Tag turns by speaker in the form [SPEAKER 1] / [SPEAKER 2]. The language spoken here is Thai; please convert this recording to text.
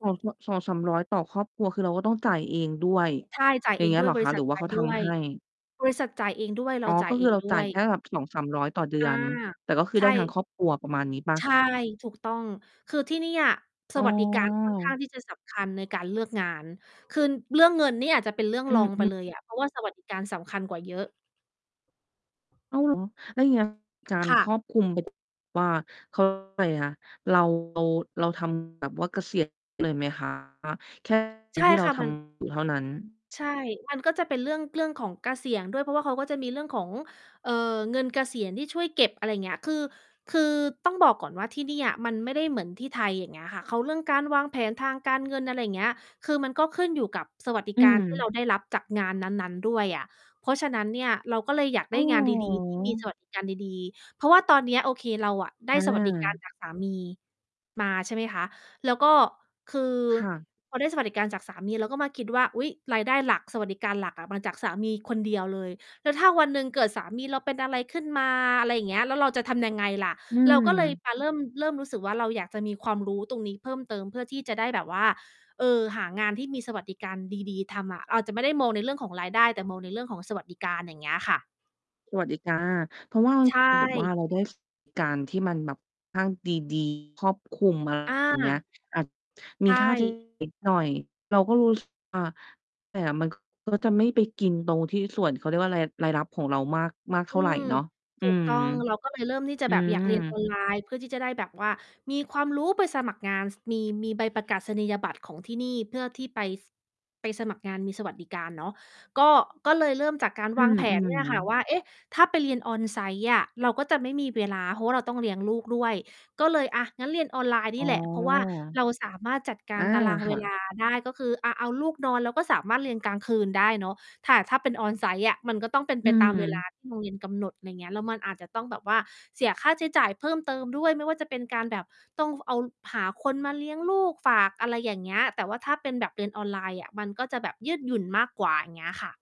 [SPEAKER 1] 2 สะ 200 - 300 ต่อครอบครัว คือเราก็ต้องจ่ายเองด้วย
[SPEAKER 2] ใช่ จ่าย
[SPEAKER 1] อ
[SPEAKER 2] เ
[SPEAKER 1] ย
[SPEAKER 2] อ
[SPEAKER 1] ่าง
[SPEAKER 2] ง
[SPEAKER 1] เงี้
[SPEAKER 2] ด
[SPEAKER 1] ย
[SPEAKER 2] ้
[SPEAKER 1] เ
[SPEAKER 2] วย
[SPEAKER 1] หรอ
[SPEAKER 2] บ
[SPEAKER 1] ค
[SPEAKER 2] ริ
[SPEAKER 1] ะ
[SPEAKER 2] ษ
[SPEAKER 1] ห
[SPEAKER 2] ั
[SPEAKER 1] ร
[SPEAKER 2] ท
[SPEAKER 1] ือว่
[SPEAKER 2] จ
[SPEAKER 1] า
[SPEAKER 2] ่
[SPEAKER 1] เ
[SPEAKER 2] า
[SPEAKER 1] ข
[SPEAKER 2] ย
[SPEAKER 1] า
[SPEAKER 2] ด
[SPEAKER 1] ท
[SPEAKER 2] ้ว
[SPEAKER 1] ำ
[SPEAKER 2] ย
[SPEAKER 1] ให้?
[SPEAKER 2] บริษัทจ่ายเองด้วย เรา
[SPEAKER 1] อ๋อ
[SPEAKER 2] จ่
[SPEAKER 1] ก
[SPEAKER 2] าย
[SPEAKER 1] ็
[SPEAKER 2] เ
[SPEAKER 1] ค
[SPEAKER 2] อ
[SPEAKER 1] ือ
[SPEAKER 2] ง
[SPEAKER 1] เรา
[SPEAKER 2] ด้
[SPEAKER 1] จ่
[SPEAKER 2] ว
[SPEAKER 1] าย
[SPEAKER 2] ย
[SPEAKER 1] แค่แบบ 200-300 ต่อเดื
[SPEAKER 2] อา
[SPEAKER 1] อน แต่ก็คือ
[SPEAKER 2] ใช
[SPEAKER 1] ได้ทั้ง
[SPEAKER 2] ่
[SPEAKER 1] ครอบครัวประมาณนี้เปล่
[SPEAKER 2] ใช
[SPEAKER 1] า?
[SPEAKER 2] ่ ถูกต้อง คือที่นี่อะ ส
[SPEAKER 1] อ๋อ
[SPEAKER 2] วัสดิการ ค่อนข้างที่จะสำคัญในการเลือกงาน คืน เรื่องเงินเนี่ยอาจจะเป็นเรื่อง
[SPEAKER 1] อื
[SPEAKER 2] รองไป
[SPEAKER 1] อ
[SPEAKER 2] เล
[SPEAKER 1] ๆ
[SPEAKER 2] ยอะ เพราะว่า สวัสดิการสำคัญกว่าเยอะ
[SPEAKER 1] อ้าว เหรอ? แล้วอย่าง เงี้ย จาน
[SPEAKER 2] ค่
[SPEAKER 1] ค
[SPEAKER 2] ะ
[SPEAKER 1] รอบคลุม แบบ ว่า เขาเรียก ว่าอะไรนะ เรา เรา เราทำแบบว่าเกษียณ เลยไหมคะ แค่งา
[SPEAKER 2] ใ
[SPEAKER 1] น
[SPEAKER 2] ช่
[SPEAKER 1] ที่เร
[SPEAKER 2] ค
[SPEAKER 1] า
[SPEAKER 2] ่ะ
[SPEAKER 1] ท
[SPEAKER 2] มัน
[SPEAKER 1] ำอยู่ เท่านั้น?
[SPEAKER 2] ใช่ มันก็จะเป็นเรื่อง เรื่องของเกษียณ ด้วย เพราะว่าเขาก็จะมีเรื่องของ เอ่อ เงินเกษียณที่ช่วยเก็บ อะไรเงี้ย คือ คือต้องบอกก่อนว่าที่เนี่ย มันไม่ได้เหมือนที่ไทย อย่างเงี้ยค่ะ เขา เรื่องการวางแผนทางการเงิน อะไรอย่างเงี้ย คือมันก็ขึ้นอยู่กับสวัสดิ
[SPEAKER 1] อื
[SPEAKER 2] การ ที่ เ
[SPEAKER 1] ม
[SPEAKER 2] ราได้รับจากงานนั้น ๆ ด้วยอะ เพราะฉะนั้นเนี่ย เราก็เลยอยาก
[SPEAKER 1] อ
[SPEAKER 2] ไ
[SPEAKER 1] ้
[SPEAKER 2] ด้
[SPEAKER 1] าว
[SPEAKER 2] ง
[SPEAKER 1] เหร
[SPEAKER 2] าน
[SPEAKER 1] อ
[SPEAKER 2] ดี ๆ ที่มี สวัสดิการดี ๆ เพราะว่าตอนเนี้ย โอเค เราอะได้
[SPEAKER 1] อ
[SPEAKER 2] สวัสดิการ
[SPEAKER 1] า
[SPEAKER 2] จากสามี มา ใช่ไหมคะ แล้วก็ คือ
[SPEAKER 1] ค่ะ
[SPEAKER 2] พอได้สวัสดิการจากสามี เราก็มาคิดว่า "อุ๊ย รายได้หลัก สวัสดิการหลักอะ มาจากสามีคนเดียวเลย แล้วถ้าวันหนึ่งเกิดสามีเราเป็นอะไรขึ้นมา อะไรอย่างเงี้ย แล้วเราจะทำยังไงล่ะ?"
[SPEAKER 1] อื
[SPEAKER 2] เราก็เลย
[SPEAKER 1] ม
[SPEAKER 2] มาเริ่ม เริ่มรู้สึกว่า เราอยากจะมีความรู้ตรงนี้เพิ่มเติม เพื่อที่จะได้แบบว่า เออ หางานที่มีสวัสดิการดี ๆ ทำอะ เราอาจจะไม่ได้มองในเรื่องของรายได้ แต่มองในเรื่องของสวัสดิการ อย่างเงี้ยค่ะ
[SPEAKER 1] สวัสดิการ เพราะว่า
[SPEAKER 2] ใช
[SPEAKER 1] เอาแบบว่
[SPEAKER 2] ่
[SPEAKER 1] าเราได้ สวัสดิการ ที่มันแบบค่อนข้าง ดี ๆ ครอบคลุม อะไร
[SPEAKER 2] อ
[SPEAKER 1] อย่างเงี้ย
[SPEAKER 2] า
[SPEAKER 1] อาจ
[SPEAKER 2] ใ
[SPEAKER 1] ม
[SPEAKER 2] ช
[SPEAKER 1] ีค่า ใช้
[SPEAKER 2] ่
[SPEAKER 1] จ่าย นิดหน่อย เราก็รู้สึกว่า แต่มัน ก็ จะไม่ไปกินตรงที่ส่วน เขาเรียกว่าไร รายรับของเรามาก มากเท
[SPEAKER 2] อ
[SPEAKER 1] ่
[SPEAKER 2] ื
[SPEAKER 1] าไร
[SPEAKER 2] ม
[SPEAKER 1] เนาะ อื
[SPEAKER 2] ถูก
[SPEAKER 1] ม
[SPEAKER 2] ต้อง เราก็เลยเริ่มที่จะ
[SPEAKER 1] อื
[SPEAKER 2] แบบอยากเรียน อ
[SPEAKER 1] ม
[SPEAKER 2] อน ไลน์ เพื่อที่จะได้แบบว่ามีความรู้ไปสมัครงาน ซ มี มีใบประกาศนียบัตรของที่นี่ เพื่อที่ไป ซ ไปสมัครงานมีสวัสดิการเนาะ ก็ ก็เลยเริ่มจากการ
[SPEAKER 1] อื
[SPEAKER 2] วาง แผน เนี่ยค
[SPEAKER 1] อ
[SPEAKER 2] ่ะ
[SPEAKER 1] ๆ
[SPEAKER 2] ว่า เอ๊ะ ถ้าไปเรียน on-site อะ เราก็จะไม่มีเวลา เพราะว่าเราต้องเลี้ยงลูกด้วย ก็เลย อะ งั้นเรียนออนไลน์
[SPEAKER 1] อ
[SPEAKER 2] น
[SPEAKER 1] ๋
[SPEAKER 2] ี
[SPEAKER 1] อ
[SPEAKER 2] ่แหละ เพราะว่าเราสามารถจัดกา
[SPEAKER 1] อ
[SPEAKER 2] ร
[SPEAKER 1] า
[SPEAKER 2] ตาราง
[SPEAKER 1] ค
[SPEAKER 2] เว
[SPEAKER 1] ่
[SPEAKER 2] ล
[SPEAKER 1] ะ
[SPEAKER 2] าได้ ก็คือ อะ เอาลูกนอน เราก็สามารถเรียนกลางคืนได้เนาะ แต่ ถ้าเป็น on-site อะ มันก็ต้องเป็น
[SPEAKER 1] อื
[SPEAKER 2] ไปตามเวลา
[SPEAKER 1] ม
[SPEAKER 2] ที่ โรงเรียน กำหนด ไรเงี้ย แล้วมันอาจจะต้องแบบว่า เสียค่าใช้จ่ายเพิ่มเติมด้วย ไม่ว่าจะเป็นการแบบ ต้อง ว เอา หาคนมาเลี้ยงลูก ฝาก อะไรอย่างเงี้ย แต่ว่าถ้าเป็นแบบเรียนออนไลน์อะ มันก็จะแบบยืดหยุ่นมากกว่า อย่างเงี้ยค่ะ